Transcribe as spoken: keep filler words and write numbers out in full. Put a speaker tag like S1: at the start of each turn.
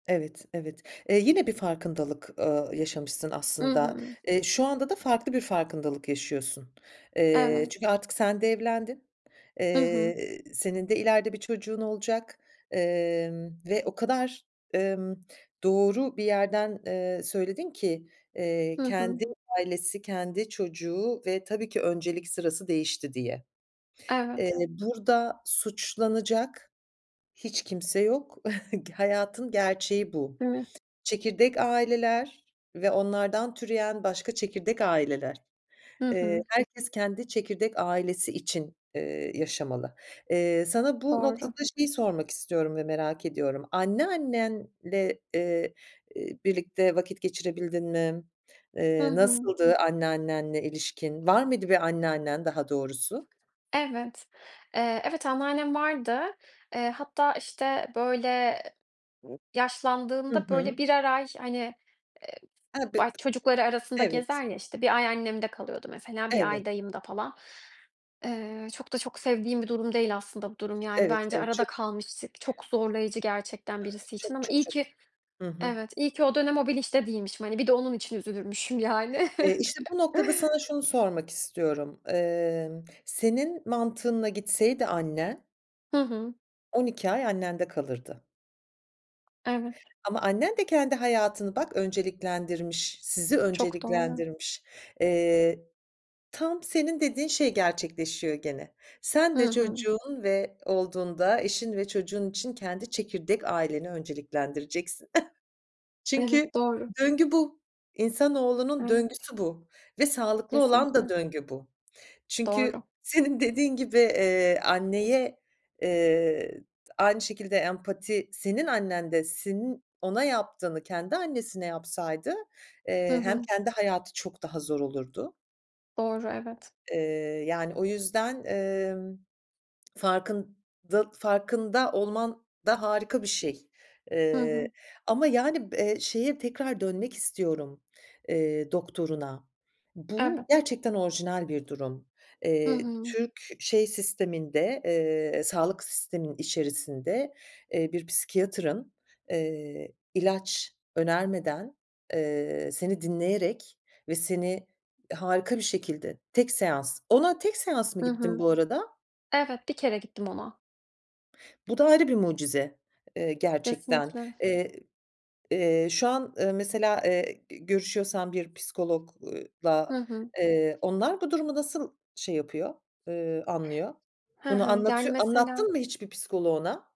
S1: Evet, evet. Eee, yine bir farkındalık, ııı, yaşamışsın
S2: I
S1: aslında.
S2: hı.
S1: Eee, şu anda da farklı bir farkındalık yaşıyorsun. Eee,
S2: Evet.
S1: çünkü artık sen de evlendin.
S2: Hı hı.
S1: Eee, senin de ileride bir çocuğun olacak, emm, ve o kadar, emm, doğru bir yerden, eee, söyledin ki, eee,
S2: Hı hı.
S1: kendi ailesi, kendi çocuğu ve tabii ki öncelik sırası değişti diye. Eee,
S2: Evet.
S1: burada suçlanacak hiç kimse yok. G hayatın gerçeği bu.
S2: Değil mi?
S1: Çekirdek aileler ve onlardan türeyen başka çekirdek aileler.
S2: Hı
S1: Eee,
S2: hı.
S1: herkes kendi çekirdek ailesi için, eee, yaşamalı. Eee, sana bu noktada
S2: Doğru.
S1: şeyi sormak istiyorum ve merak ediyorum. Anneannenle, eee, eee, birlikte vakit geçirebildin mi?
S2: Hı
S1: Eee,
S2: hı.
S1: nasıldı anneannenle ilişkin? Var mıydı bir anneannen, daha doğrusu?
S2: Evet, eee, evet, anneannem vardı. Eee, hatta, işte, böyle
S1: Hı
S2: yaşlandığında, böyle,
S1: hı.
S2: birer ay, hani,
S1: A b
S2: bay çocukları arasında gezer
S1: Evet.
S2: ya, işte bir ay annemde kalıyordu mesela, bir
S1: Evet.
S2: ay dayımda falan. Eee, çok da çok sevdiğim bir durum değil aslında bu durum yani
S1: Evet,
S2: bence
S1: evet ço
S2: arada kalmışlık çok zorlayıcı gerçekten birisi için
S1: Çok,
S2: ama
S1: çok,
S2: iyi
S1: çok.
S2: ki
S1: Hı hı.
S2: Evet, iyi ki o dönem o bilinçte değilmişim. Hani, bir de onun için üzülürmüşüm yani.
S1: Eee, işte bu noktada sana şunu sormak istiyorum. Emm, senin mantığınla gitseydi annen
S2: Hı hı.
S1: on iki ay annende kalırdı.
S2: Evet.
S1: Ama annen de kendi hayatını bak, önceliklendirmiş, sizi
S2: Çok doğru.
S1: önceliklendirmiş. Eee, tam senin dediğin şey gerçekleşiyor gene. Sen
S2: Hı
S1: de
S2: hı.
S1: çocuğun ve olduğunda, eşin ve çocuğun için kendi çekirdek aileni önceliklendireceksin.
S2: Evet,
S1: Çünkü
S2: doğru.
S1: döngü bu, insanoğlunun
S2: Evet.
S1: döngüsü bu ve sağlıklı olan da
S2: Kesinlikle.
S1: döngü bu. Çünkü
S2: Doğru.
S1: senin dediğin gibi, eee, anneye, eee, aynı şekilde empati senin annen de senin ona yaptığını kendi annesine yapsaydı,
S2: Hı
S1: eee, hem
S2: hı.
S1: kendi hayatı çok daha zor olurdu
S2: Doğru, evet.
S1: Eee, yani o yüzden, emm, farkında farkında olman da harika bir şey.
S2: Hı
S1: Eee,
S2: hı.
S1: ama, yani, b eee, şeye tekrar dönmek istiyorum, eee, doktoruna.
S2: Evet.
S1: Bu gerçekten orijinal bir durum.
S2: Hı
S1: Eee,
S2: hı.
S1: Türk şey sisteminde, eee, sağlık sisteminin içerisinde, eee, bir psikiyatrın, eee, ilaç önermeden, eee, seni dinleyerek ve seni harika bir şekilde tek seans Ona tek seans mı
S2: Hı
S1: gittin
S2: hı.
S1: bu arada?
S2: Evet, bir kere gittim ona.
S1: Bu da ayrı bir mucize, eee, gerçekten,
S2: Kesinlikle.
S1: eee, eee, şu an, eee, mesela, eee, g görüşüyorsan bir psikolog ııı, la,
S2: Hı hı.
S1: eee, onlar bu durumu nasıl şey yapıyor, eee, anlıyor?
S2: Hı
S1: Bunu
S2: hı, yani,
S1: anlatıyor
S2: mesela
S1: anlattın mı hiç bir psikoloğuna?